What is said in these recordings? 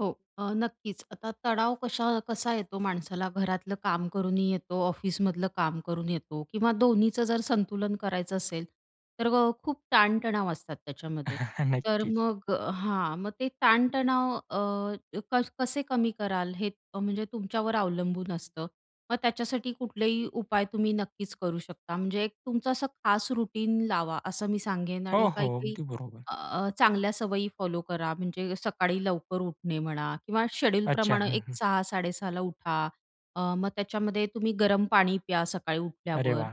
हो. अ, नक्कीच, आता तणाव कशा कसा येतो माणसाला? घरातलं काम करूनही येतो, ऑफिसमधलं काम करून येतो किंवा दोन्हीचं जर संतुलन करायचं असेल, तर अ, खूप ताणतणाव असतात त्याच्यामध्ये तर नक्कीच. मग हां. मग ते ताणतणाव अ, क कसे कमी कराल हे अ, म्हणजे तुमच्यावर अवलंबून असतं. मग त्याच्यासाठी कुठलेही उपाय तुम्ही नक्कीच करू शकता. म्हणजे एक तुमचं असं खास रुटीन लावा, असं मी सांगेन. हो, आणि हो. काही-काही अगदी बरोबर. अ, चांगल्या सवयी फॉलो करा. म्हणजे सकाळी लवकर उठणे म्हणा किंवा अच्छा. शेड्यूलप्रमाणे हं, हं, एक हं. 06:00-06:30 ला उठा. अ, मग त्याच्यामध्ये तुम्ही गरम पाणी प्या सकाळी अरे उठल्यावर. वाह!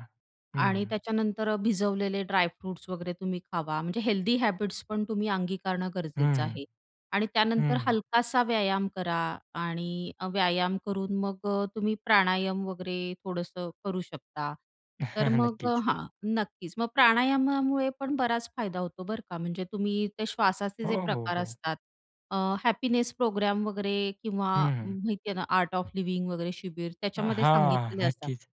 हं, आणि हं. त्याच्यानंतर भिजवलेले ड्रायफ्रुट्स वगैरे तुम्ही खावा म्हणजे हेल्दी हॅबिट्स पण तुम्ही अंगीकारणं गरजेचं हं, आहे. आणि त्यानंतर हं. हलकासा व्यायाम करा आणि व्यायाम करून मग अ, तुम्ही प्राणायाम वगैरे थोडंसं करू शकता. तर मग अ, नक्कीच. हां. नक्कीच. मग प्राणायामामुळे पण बराच फायदा होतो, बरं का. म्हणजे तुम्ही ते श्वासाचे जे हो, हो, प्रकार हो. असतात. अ, हॅपीनेस प्रोग्राम वगैरे किंवा हं, हं. माहिती आहे ना आर्ट ऑफ लिव्हिंग वगैरे शिबीर अ, त्याच्यामध्ये हां. सांगितलेले असतात. नक्कीच.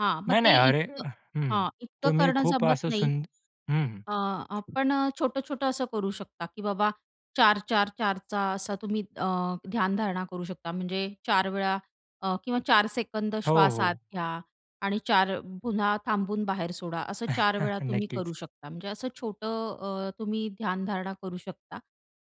हां. मग नाही, नाही. ते अरे इतकं हं. हां. इतकं तुम्ही करणं खूप जमत असं नाही. सुंद हं. अ, खूप आपण अ, छोटं-छोटं असं करू शकता की बाबा 4-4 4 चा असा तुम्ही अ, ध्यानधारणा करू शकता. म्हणजे 4 वेळा अ, किंवा 4 सेकंद हो, श्वास आत हो. घ्या आणि 4 पुन्हा थांबून बाहेर सोडा असं 4 वेळा तुम्ही नक्कीच. करू शकता. म्हणजे असं छोटं अ, तुम्ही ध्यानधारणा करू शकता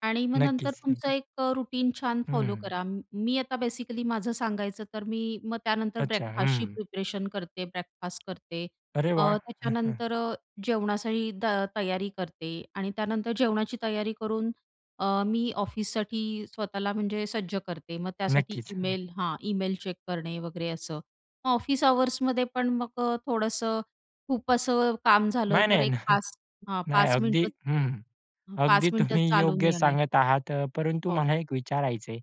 आणि मग नंतर नक्कीच, तुमचं अ, नक्की. एक अ, रूटीन छान हं, फॉलो हं. करा. मी अ, आता बेसिकली माझं सांगायचं, तर मी मग त्यानंतर अच्छा. ब्रेकफास्टची हं. प्रिपरेशन करते, ब्रेकफास्ट करते अरे अ, वाह! त्याच्यानंतर अ, जेवणासाठी त तयारी करते आणि त्यानंतर जेवणाची तयारी करून अ, मी ऑफिससाठी स्वतःला म्हणजे सज्ज करते, मग त्यासाठी नक्कीच. हं. ईमेल हां. ईमेल चेक करणे वगैरे असं. मग ऑफिस अवर्समध्ये पण मग अ, थोडंसं खूप असं काम झालं, नाही, तर नाही. न एक 5 हां. नाही. 5 अगदी मिनिट हं, हं, हं. 5 अगदी मिनिटं तुम्ही चालून योग्य येणे. सांगत आहात. अ, परंतु हो. मला एक विचारायचं आहे,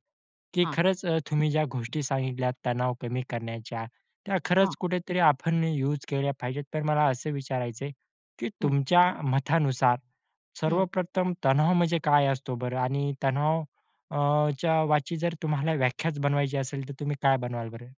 की हां. खरंच अ, तुम्ही ज्या गोष्टी सांगितल्यात तणाव कमी करण्याच्या. त्या हां. खरंच कुठेतरी आपण यूज केल्या पाहिजेत. तर मला असं विचारायचंय की, हं. तुमच्या मतानुसार हं. सर्वप्रथम तणाव म्हणजे काय असतो बरं? आणि तणाव अ, ...च्या वाची जर तुम्हाला व्याख्याच बनवायची असेल, तर तुम्ही काय बनवाल बरं?